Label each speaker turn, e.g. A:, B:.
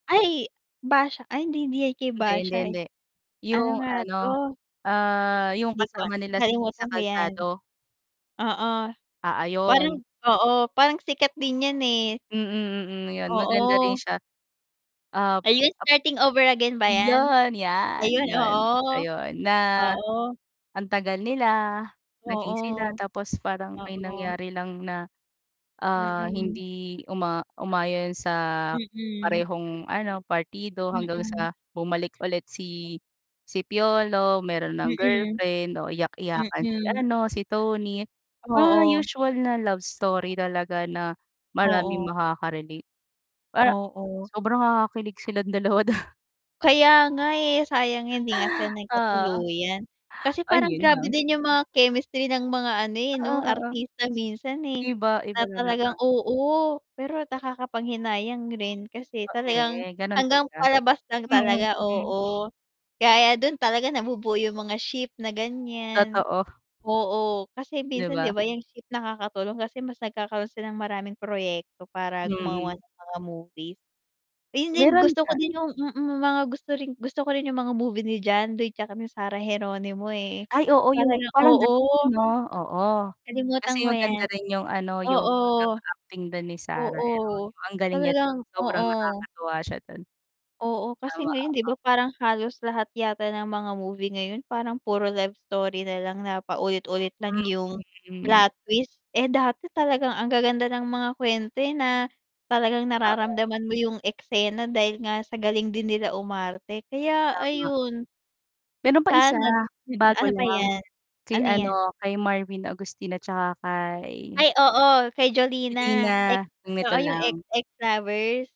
A: Ay Basha, ay hindi hindi 'yan kay
B: Hindi, hindi,
A: Basha, eh.
B: hindi.
A: Ano
B: 'Yung
A: nga
B: ano,
A: 'to?
B: ah, 'yung
A: 'Di ko
B: kasama
A: alam,
B: nila si
A: nakalimutan
B: Iza
A: ko 'yan.
B: Calzado.
A: Oo,
B: Ah,
A: parang
B: ayun.
A: oo, parang sikat din 'yan, eh.
B: Mm, mm, ayun, maganda rin
A: Oo.
B: siya. Ap
A: Ayun,
B: ap
A: "Starting Over Again" ba 'yan?
B: iyon, 'yan,
A: Ayun,
B: 'yun siya
A: oo,
B: 'yun. Na,
A: oo.
B: ang tagal nila, naging sila,
A: Oo,
B: tapos parang may
A: oo.
B: nangyari lang na, ah,
A: Mm.
B: hindi uma umayon sa
A: Mm.
B: parehong ano, partido hanggang
A: Mm.
B: sa bumalik ulit si si Piolo meron ng
A: Mm.
B: girlfriend, o iyak-iyakan si
A: Mm.
B: ano, si Toni. Parang
A: Oo.
B: usual na love story talaga na maraming
A: Oo.
B: makaka-relate, para
A: Oo.
B: sobrang nakakakilig silang dalawa dun.
A: Kaya nga eh, sayang hindi nga sila
B: Oo.
A: nagkatuluyan. Kasi
B: Ay
A: parang
B: 'yun
A: grabe
B: lang.
A: din 'yung mga chemistry ng mga ano, eh,
B: Oo,
A: 'no,
B: oo.
A: artista minsan, eh,
B: Iba, iba
A: na
B: talaga.
A: talagang oo, pero nakakapanghinayang rin kasi
B: A
A: talagang
B: eh, ganun
A: hanggang
B: talaga.
A: palabas lang
B: Mm,
A: talaga,
B: hmm.
A: oo. Kaya 'yan dun talaga nabubuo 'yung mga ship na ganiyan,
B: Totoo.
A: oo, kasi
B: 'Di
A: minsan, 'di
B: ba?
A: ba, 'yung ship nakakatulong kasi mas nagkakaroon sila ng maraming proyekto para
B: Mm.
A: gumawa ng mga movies. Ayun din,
B: Meron
A: gusto ko
B: ka
A: din 'yung mm, mga gusto rin gusto ko rin 'yung mga movie ni John Lloyd 'tsaka ni Sarah Geronimo, eh,
B: Ay oo, 'yung
A: talagang
B: parang gano'n
A: oo.
B: 'no, oo.
A: Nakalimutan
B: Kasi
A: ko
B: maganda
A: 'yan.
B: rin 'yung ano, 'yung
A: Oo,
B: pagkaka-acting dun ni Sarah
A: oo,
B: Geronimo. Ang galing niya dun,
A: talagang
B: sobrang
A: oo.
B: nakakatuwa siya dun.
A: Oo kasi
B: Tama,
A: ngayon 'di
B: oo.
A: ba, parang halos lahat yata ng mga movie ngayon parang puro love story na lang na paulit-ulit lang
B: Mm,
A: 'yung
B: mm, hmm.
A: plot twist. Eh, dati talagang ang gaganda ng mga kuwento, eh, na talagang
B: Oo.
A: nararamdaman mo 'yung eksena dahil nga sa galing din nila umarte, kaya
B: Tama.
A: ayun.
B: Meron pang
A: Sa
B: 1
A: ano d hmm,
B: bago
A: ano pa
B: lang,
A: 'yan?
B: kay
A: Ano 'yan?
B: ano, kay Marvin Agustin at saka kay
A: Ay oo, kay Jolina, ex
B: Jolina, nung
A: oo
B: nito
A: 'yung "Ex
B: lang.
A: Ex Lovers."